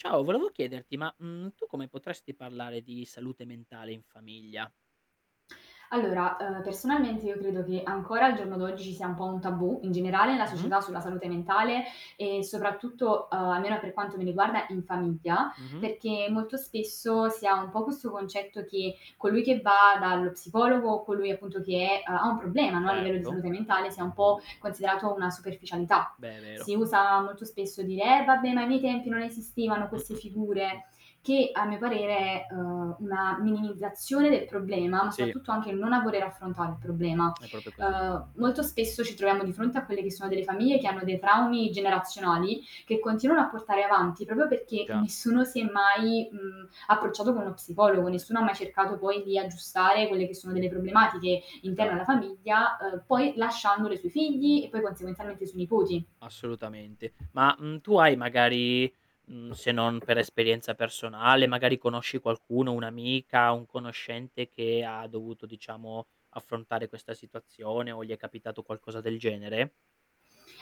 Ciao volevo chiederti, ma, mhmm, tu come potresti parlare di salute mentale in famiglia? Allora, uhm, personalmente io credo che ancora al giorno d'oggi ci sia un po' un tabù in generale nella Mh-mh. società sulla salute mentale e soprattutto ehm almeno per quanto mi riguarda in famiglia, Mh-mh. perché molto spesso si ha un po' questo concetto che colui che va dallo psicologo, colui appunto che è ha ha un problema no, a livello di Certo. salute mentale sia un po' considerato una superficialità. Beh è vero. Si usa molto spesso dire: "Eh, vabbè ma ai miei tempi non esistevano Mh, queste mh, mh, mh, mh. figure" che a mio parere è, uhm, una minimizzazione del problema ma Sì. soprattutto anche non a voler affrontare il problema. È proprio così. Uhm, molto spesso ci troviamo di fronte a quelle che sono delle famiglie che hanno dei traumi generazionali che continuano a portare avanti proprio perché Già. nessuno si è mai, mhmm, approcciato con uno psicologo, Eh. nessuno ha mai cercato poi di aggiustare quelle che sono delle problematiche interne alla Esatto. famiglia, uhm, poi lasciandole sui figli e poi consequenzialmente i suoi nipoti. Assolutamente. Ma, mhmm, tu hai magari, mhmm, se non per esperienza personale, magari conosci qualcuno, un'amica, un conoscente che ha dovuto diciamo affrontare questa situazione o gli è capitato qualcosa del genere?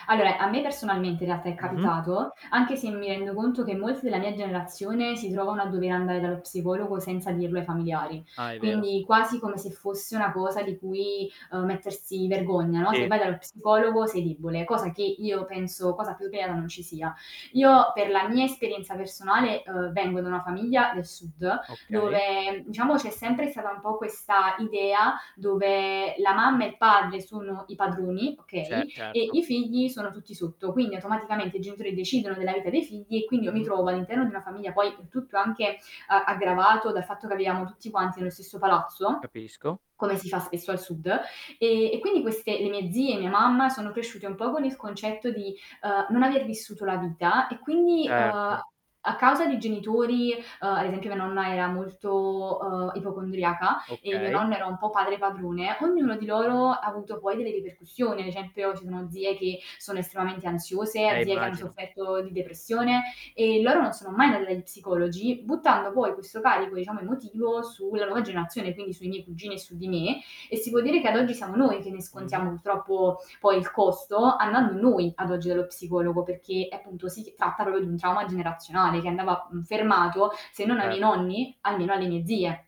Allora a me personalmente in realtà è Mh-mh. capitato anche se mi rendo conto che molti della mia generazione si trovano a dover andare dallo psicologo senza dirlo ai familiari, Ah, è vero. quindi quasi come se fosse una cosa di cui, uhm, mettersi vergogna no, se Sì. vai dallo psicologo sei debole, cosa che io penso cosa più vera non ci sia. Io per la mia esperienza personale, uhm, vengo da una famiglia del sud Okay. dove diciamo c'è sempre stata un po' questa idea dove la mamma e il padre sono i padroni, Ce okay, e certo. i figli sono tutti sotto. Quindi automaticamente i genitori decidono della vita dei figli e quindi io mi Mh-mh. trovo all'interno di una famiglia, poi tutto anche a aggravato dal fatto che viviamo tutti quanti nello stesso palazzo, Capisco. come si fa spesso al sud e e quindi queste le mie zie e mia mamma sono cresciute un po' con il concetto di, uhm, non aver vissuto la vita e quindi uhm, Certo. a causa di genitori ehm ad esempio mia nonna era molto, uhm, ipocondriaca e mio Okay. nonno era un po' padre padrone, ognuno di loro ha avuto poi delle ripercussioni, ad esempio ci sono zie che sono estremamente ansiose, Eh, zie che hanno immagino. sofferto di depressione e loro non sono mai andate dagli psicologi buttando poi questo carico diciamo emotivo su la nuova generazione quindi sui miei cugini e su di me e si può dire che ad oggi siamo noi che ne Mh-mh. scontiamo purtroppo poi il costo andando noi ad oggi dallo psicologo perché appunto si tratta pro di un trauma generazionale che andava mhmm, fermato se non ai miei Certo. nonni almeno alle mie zie.